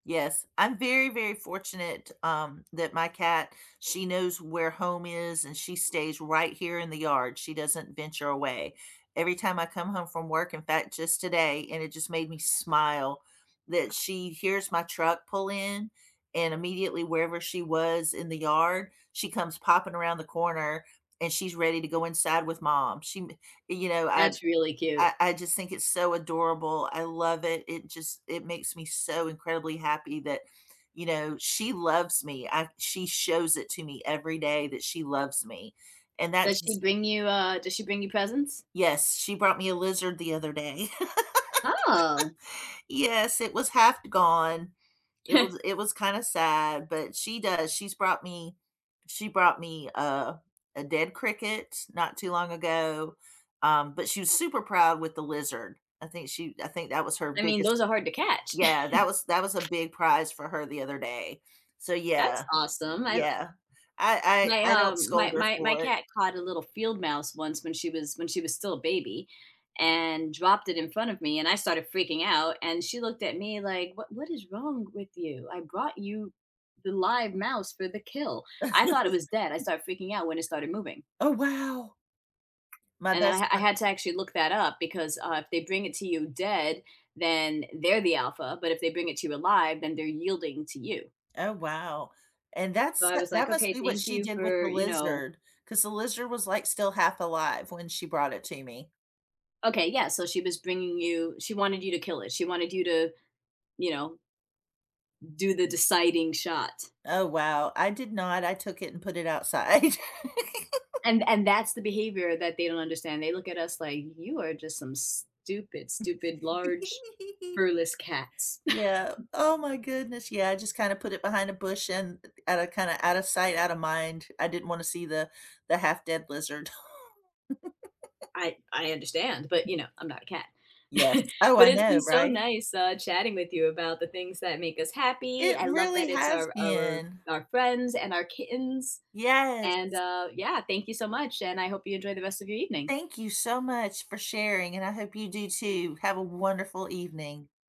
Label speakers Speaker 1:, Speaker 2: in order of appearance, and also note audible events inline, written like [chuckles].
Speaker 1: Yes. I'm very, very fortunate, um, that my cat she knows where home is, and she stays right here in the yard. She doesn't venture away. Every time I come home from work, in fact just today, and it just made me smile that she hears my truck pull in, and immediately wherever she was in the yard, she comes popping around the corner, and she's ready to go inside with mom. She m and you know, I
Speaker 2: That's really cute.
Speaker 1: I I just think it's so adorable. I love it. It just it makes me so incredibly happy that, you know, she loves me. I she shows it to me every day that she loves me. And that
Speaker 2: Does she
Speaker 1: just
Speaker 2: bring you, uh, does she bring you presents?
Speaker 1: Yes, she brought me a lizard the other day. [laughs]
Speaker 2: Oh!
Speaker 1: Yes. It was half gone. It
Speaker 2: [chuckles]
Speaker 1: was it was kinda sad, but she does. She's brought me she brought me a a dead cricket not too long ago, um, but she was super proud with the lizard. I think she I think that was her
Speaker 2: I mean,
Speaker 1: biggest
Speaker 2: those are hard to catch.
Speaker 1: yeah, that was that was a
Speaker 2: [chuckles]
Speaker 1: big prize for her the other day. So
Speaker 2: That's
Speaker 1: yeah.
Speaker 2: awesome. I li
Speaker 1: Yeah. I
Speaker 2: my,
Speaker 1: I I don't
Speaker 2: um, my
Speaker 1: scold her
Speaker 2: my my
Speaker 1: for it.
Speaker 2: cat caught a little field mouse once when she was when she was still a baby, and dropped it in front of me, and I started freaking out. And she looked at me like, what what is wrong with you? I brought you the live mouse for the kill. I thought it was dead. I
Speaker 1: [chuckles]
Speaker 2: started freaking out when it started moving.
Speaker 1: Oh, wow. My
Speaker 2: And then
Speaker 1: best
Speaker 2: I I
Speaker 1: friend
Speaker 2: had to actually look that up because, uh, if they bring it to you dead, then they're the alpha. But if they bring it to you alive, then they're yielding to you.
Speaker 1: Oh, wow. And
Speaker 2: So,
Speaker 1: that's
Speaker 2: I
Speaker 1: that
Speaker 2: was,
Speaker 1: that
Speaker 2: like,
Speaker 1: must
Speaker 2: okay,
Speaker 1: be what
Speaker 2: thank
Speaker 1: she
Speaker 2: you
Speaker 1: did with
Speaker 2: for,
Speaker 1: the
Speaker 2: you know?
Speaker 1: lizard, 'cause the lizard was, like, still half alive when she brought it to me.
Speaker 2: Okay, yeah, so she was bringing you she wanted you to kill it. She wanted you to, you know do the deciding shot.
Speaker 1: Oh, wow. I did not, I took it and put it outside.
Speaker 2: And
Speaker 1: [chuckles]
Speaker 2: and that's the behavior that they don't understand. They look at us, like, "You are just some stupid, stupid, large,
Speaker 1: [chuckles]
Speaker 2: furless cats."
Speaker 1: Yeah.
Speaker 2: [chuckles]
Speaker 1: Oh my goodness. Yeah, I just kinda put it behind a bush, and outta kinda outta sight, outta mind. I didn't wanna see the the half dead lizard. [chuckles]
Speaker 2: I I understand, but, you know, I'm not a cat.
Speaker 1: Yes.
Speaker 2: [chuckles]
Speaker 1: Oh,
Speaker 2: But
Speaker 1: I
Speaker 2: it's been
Speaker 1: know.
Speaker 2: so
Speaker 1: Right?
Speaker 2: nice, uh, chatting with you about the things that make us happy.
Speaker 1: It
Speaker 2: I love
Speaker 1: really
Speaker 2: that it's
Speaker 1: has
Speaker 2: our our
Speaker 1: been.
Speaker 2: our friends and our kittens. And,
Speaker 1: Yes.
Speaker 2: uh, yeah, thank you so much, and I hope you enjoy the rest of your evening.
Speaker 1: Thank you so much for sharing, and I hope you do, too. Have a wonderful evening.